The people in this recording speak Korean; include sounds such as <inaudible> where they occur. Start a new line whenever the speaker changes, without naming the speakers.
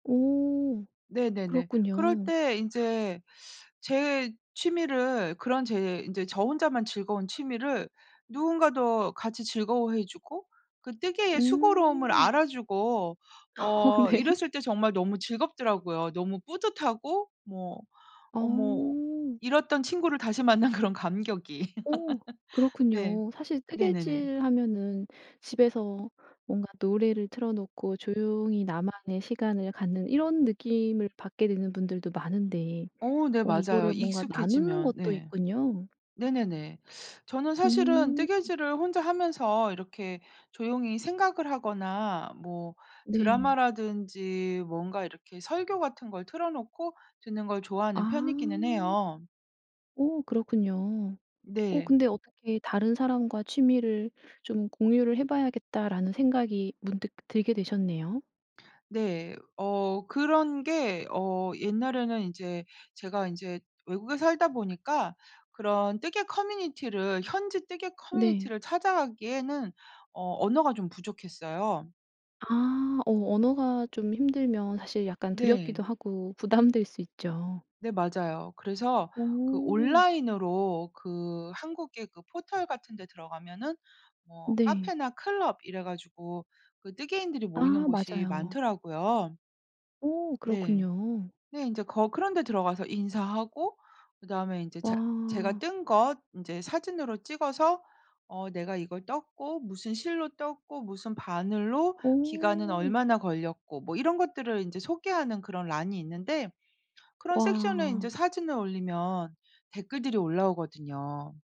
오.
네네네. 그럴
그렇군요.
때 인제 제 취미를 그런 제 인제 저 혼자만 즐거운 취미를 누군가도 같이 즐거워해 주고 그 뜨개의 수고로움을
음.
알아주고
어
어
네.
이랬을 때 정말 너무 즐겁더라고요. 너무 뿌듯하고 뭐 어 뭐
어.
잃었던 친구를 다시 만난 그런 감격이.
어.
<laughs> 네.
그렇군요. 사실
네네네.
뜨개질 하면은 집에서 뭔가 노래를 틀어 놓고 조용히 나만의 시간을 갖는 이런 느낌을 받게 되는 분들도 많은데
어 네
어
맞아요.
이거를 뭔가 나누는
익숙해지면.
것도
네.
있군요.
네네네. 저는 사실은
음.
뜨개질을 혼자 하면서 이렇게 조용히 생각을 하거나 뭐
네.
드라마라든지 뭔가 이렇게 설교 같은 걸 틀어 놓고 듣는 걸 좋아하는 편이기는
아.
해요.
오 그렇군요. 어
네.
근데 어떻게 '다른 사람과 취미를 좀 공유를 해 봐야겠다.'라는 생각이 문득 들게 되셨네요.
네. 어 그런 게 어 옛날에는 인제 제가 인제 외국에 살다 보니까 그런 뜨개 커뮤니티를 현지 뜨개
네.
커뮤니티를 찾아 가기에는 어 언어가 좀 부족했어요.
아. 어 언어가 좀 힘들면 사실 약간
네.
두렵기도 하고 부담될 수 있죠.
네 맞아요. 그래서 그
어.
온라인으로 그 한국의 그 포털 같은 데 들어가면은 뭐
네.
카페나 클럽 이래 가지고 그 뜨개인들이 모이는
아
곳이
맞아요.
많더라고요.
오
네.
그렇군요.
네 인제 거 그런 데 들어가서 인사하고 그다음에 인제 제 제가
와.
뜬 것 인제 사진으로 찍어서 어 내가 이걸 떴고 무슨 실로 떴고 무슨 바늘로 기간은
오.
얼마나 걸렸고 뭐 이런 것들을 인제 소개하는 그런 난이 있는데 그런 섹션에 인제
와.
사진을 올리면 댓글들이 올라오거든요.